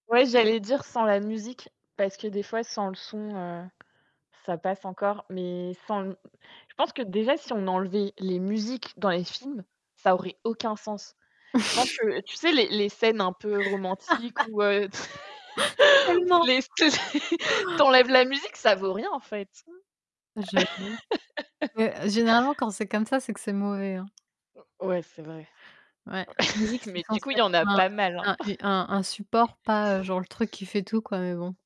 Ouais, j'allais dire sans la musique, parce que, des fois, sans le son, heu, ça passe encore, mais sans je pense que déjà, si on enlevait les musiques dans les films, ça aurait aucun sens. Je pense que tu sais, les les scènes un peu romantiques où heu, Oh ou non. les [unintelligible] tu enlèves la musique, ça ne vaut rien, en fait. J'avoue. Beh, généralement, quand c'est comme ça, c'est que c'est mauvais, hein. Ouais, c'est vrai. Ouais, musique c'est Mais du censé coup, il y être en a un pas mal, hein. un une un un support, pas, heu, genre, le truc qui fait tout, quoi, mais bon.